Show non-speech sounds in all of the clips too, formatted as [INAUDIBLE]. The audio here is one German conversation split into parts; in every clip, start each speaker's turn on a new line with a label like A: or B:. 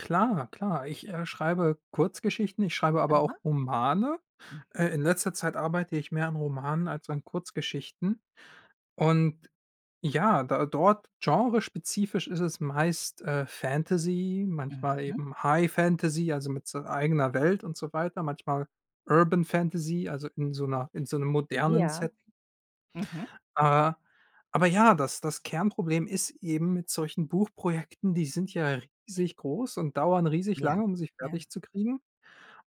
A: Klar, klar, ich, äh, schreibe Kurzgeschichten, ich schreibe aber
B: Mhm.
A: auch Romane.
B: Mhm.
A: Äh, in letzter Zeit arbeite ich mehr an Romanen als an Kurzgeschichten und ja, da d dort genrespezifisch ist es meist, äh, Fantasy, manchmal
B: Mhm.
A: eben High Fantasy, also, mit so eigener Welt und so weiter, manchmal Urban Fantasy, also in so 'ner in so 'nem modernen
B: Ja.
A: Setting.
B: Mhm.
A: Ah, aber ja, das das Kernproblem ist eben mit solchen Buchprojekten, die sind ja riesig groß und dauern riesig
B: Ja,
A: lange, um sie
B: ja.
A: fertig zu kriegen.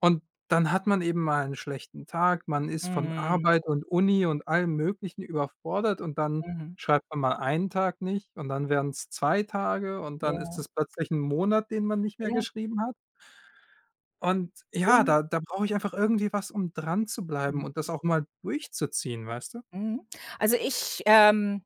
A: Und dann hat man eben mal 'n schlechten Tag, man ist von
B: Mhm.
A: Arbeit und Uni und allem Möglichen überfordert und dann
B: Mhm.
A: schreibt man mal 1 Tag nicht und dann werden's 2 Tage und dann ist
B: Ja.
A: es plötzlich 1 Monat, den man nicht mehr
B: Ja.
A: geschrieben hat. Und ja,
B: Mhm.
A: da da brauche ich einfach irgendwie was, um dranzubleiben
B: Mhm.
A: und das auch mal durchzuziehen, weißt du?
B: Mhm. Also ich, ähm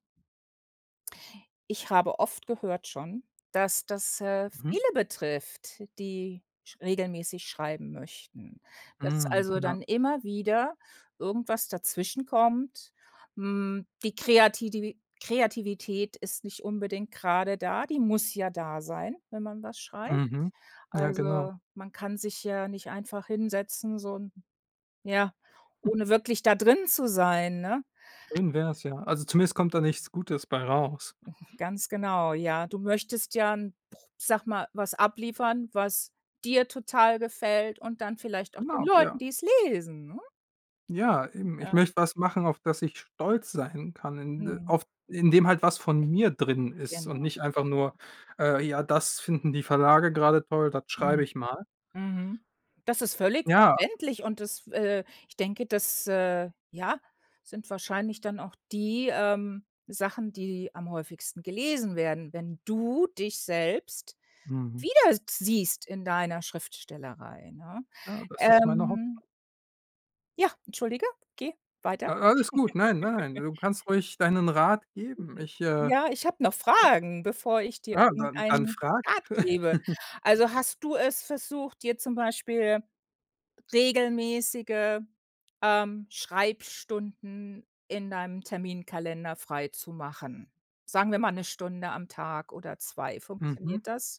B: ich habe oft gehört schon, dass das, äh,
A: Mhm.
B: viele betrifft, die sch regelmäßig schreiben möchten. Dass
A: Mhm,
B: also
A: ja.
B: dann immer wieder irgendwas dazwischenkommt. Hm, die Kreatidi Kreativität ist nicht unbedingt grade da, die muss ja da sein, wenn man was schreibt.
A: Mhm. Ja, genau.
B: Also, man kann sich ja nicht einfach hinsetzen, so 'n ja, ohne wirklich da
A: [CHUCKLES]
B: drin zu sein, ne?
A: Schön wär's ja. Also zumindest kommt da nichts Gutes bei raus.
B: Ganz genau, ja. Du möchtest ja 'n Pr sag mal, was abliefern, was dir total gefällt und dann vielleicht auch den
A: Genau,
B: Leuten,
A: ja.
B: die es lesen, ne?
A: Ja,
B: [CHUCKLES]
A: eben, ich
B: Ja.
A: möchte was machen, auf das ich stolz sein kann, in
B: Mhm.
A: auf in dem halt was von mir drin ist und
B: Genau.
A: nicht einfach
B: Ja.
A: nur, äh: „Ja, das finden die Verlage grade toll, das schreibe
B: Mhm,
A: ich mal."
B: mhm. Das ist völlig
A: Ja.
B: verständlich und es äh, ich denke, das, äh, ja, sind wahrscheinlich dann auch die, ähm, Sachen, die am häufigsten gelesen werden, wenn du dich selbst
A: Mhm.
B: wiedersiehst in deiner Schriftstellerei, ne?
A: Ja, das ist meine Haupt
B: Ähm Ja, entschuldige, geh weiter.
A: A alles gut. Nein, nein, nein,
B: [GIGGLES]
A: du kannst ruhig deinen Rat
B: [UNINTELLIGIBLE]
A: geben. Ich, äh
B: Ja, ich habe noch
A: ja.
B: Fragen, bevor ich dir
A: Ja, dann dann
B: irgendeinen
A: frag.
B: Rat gebe.
A: [GIGGLES]
B: Also, hast du es versucht, dir zum Beispiel regelmäßige, ähm, Schreibstunden in deinem Terminkalender freizumachen. Sagen wir mal, 1 Stunde am Tag oder 2,
A: Mhm.
B: funktioniert das?